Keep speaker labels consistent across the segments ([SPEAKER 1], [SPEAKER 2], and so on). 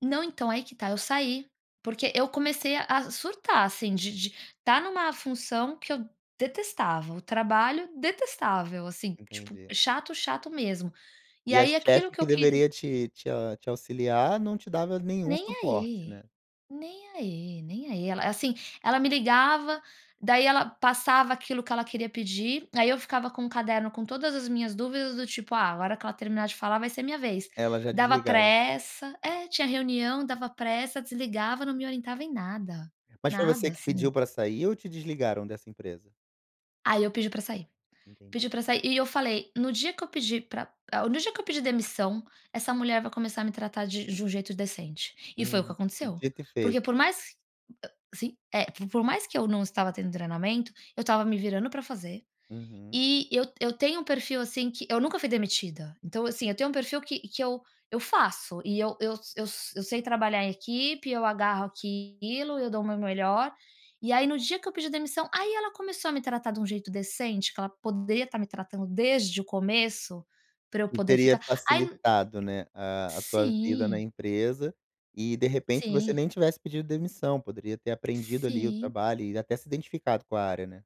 [SPEAKER 1] Não, então, aí que está, eu saí. Porque eu comecei a a surtar, assim, de de estar numa função que eu detestava, o trabalho detestável assim, tipo,
[SPEAKER 2] Entendi.
[SPEAKER 1] chato, chato mesmo. E
[SPEAKER 2] E a
[SPEAKER 1] aí aquilo
[SPEAKER 2] chefe
[SPEAKER 1] que eu
[SPEAKER 2] que
[SPEAKER 1] queria
[SPEAKER 2] deveria te te a te auxiliar não te dava nenhum
[SPEAKER 1] Nem
[SPEAKER 2] suporte, né?
[SPEAKER 1] aí, nem aí, nem aí, el assim, ela me ligava, daí ela passava aquilo que ela queria pedir, aí eu ficava com o caderno com todas as minhas dúvidas do tipo: "Ah, a hora que ela terminar de falar vai ser minha vez".
[SPEAKER 2] Ela já
[SPEAKER 1] Dava
[SPEAKER 2] desligava.
[SPEAKER 1] pressa é, tinha reunião, dava pressa, desligava, não me orientava em nada,
[SPEAKER 2] Mas foi
[SPEAKER 1] nada
[SPEAKER 2] você que
[SPEAKER 1] assim.
[SPEAKER 2] pediu pra sair ou te desligaram dessa empresa?
[SPEAKER 1] Aí eu pedi pra sair,
[SPEAKER 2] Entendi.
[SPEAKER 1] pedi pra sair e eu falei: "No dia que eu pedir pra el no dia que eu pedir demissão essa mulher vai começar a me tratar de um j um jeito decente". E foi o que
[SPEAKER 2] Uhum,
[SPEAKER 1] aconteceu.
[SPEAKER 2] devia ter feito.
[SPEAKER 1] Porque por mais a sim. É, por mais que eu não estava tendo treinamento, eu estava me virando pra fazer
[SPEAKER 2] Uhum.
[SPEAKER 1] e eu eu tenho um perfil, assim, que eu nunca fui demitida. Então, assim, eu tenho um perfil que que eu faço e eu eu s eu sei trabalhar em equipe, eu agarro aquilo, eu dou o meu melhor e aí no dia que eu pedi demissão, aí ela começou a me tratar de um jeito decente, que ela poderia estar me tratando desde o começo, pra eu
[SPEAKER 2] Que
[SPEAKER 1] poder
[SPEAKER 2] teria
[SPEAKER 1] ficar aí
[SPEAKER 2] facilitado, né, a a sua vida na
[SPEAKER 1] Sim.
[SPEAKER 2] empresa e de repente você
[SPEAKER 1] Sim.
[SPEAKER 2] nem tivesse pedido demissão, poderia ter aprendido ali o
[SPEAKER 1] Sim.
[SPEAKER 2] trabalho e até se identificado com a área, né.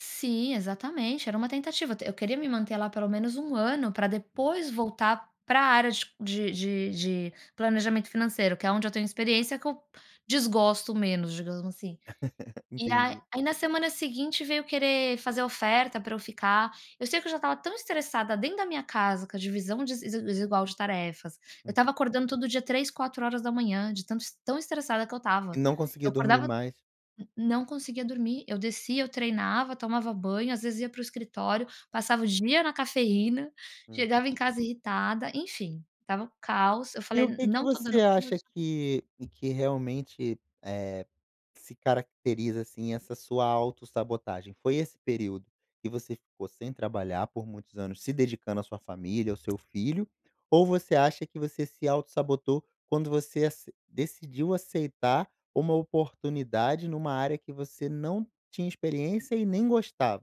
[SPEAKER 1] Sim, exatamente, era uma tentativa d eu queria me manter lá pelo menos 1 ano pra
[SPEAKER 2] Hum.
[SPEAKER 1] depois voltar para a área de de de planejamento financeiro, que é onde eu tenho experiência que eu desgosto menos, digamos, assim. E aí
[SPEAKER 2] Entendi.
[SPEAKER 1] aí na semana seguinte veio querer fazer oferta para eu ficar, eu sei que eu já estava tão estressada dentro da minha casa com a divisão desi desigual de tarefas, eu estava
[SPEAKER 2] Uhum.
[SPEAKER 1] acordando todo dia 3h 4h de tanto es tão estressada que eu
[SPEAKER 2] E
[SPEAKER 1] estava.
[SPEAKER 2] não conseguia
[SPEAKER 1] Eu
[SPEAKER 2] dormir
[SPEAKER 1] acordava
[SPEAKER 2] mais
[SPEAKER 1] n não conseguia dormir, eu descia, eu treinava, tomava banho, às vezes ia para o escritório, passava o dia na cafeína,
[SPEAKER 2] Uhum.
[SPEAKER 1] chegava em casa irritada, enfim, estava um caos, eu
[SPEAKER 2] E o
[SPEAKER 1] falei:
[SPEAKER 2] que que
[SPEAKER 1] "Não estou
[SPEAKER 2] você
[SPEAKER 1] dando conta
[SPEAKER 2] acha
[SPEAKER 1] dis"
[SPEAKER 2] que que realmente, eh, se caracteriza, assim, essa sua autossabotagem? Foi esse período que você ficou sem trabalhar por muitos anos se dedicando à sua família, ao seu filho ou você acha que você se autossabotou quando você ace decidiu aceitar uma oportunidade numa área que você não tinha experiência e nem gostava?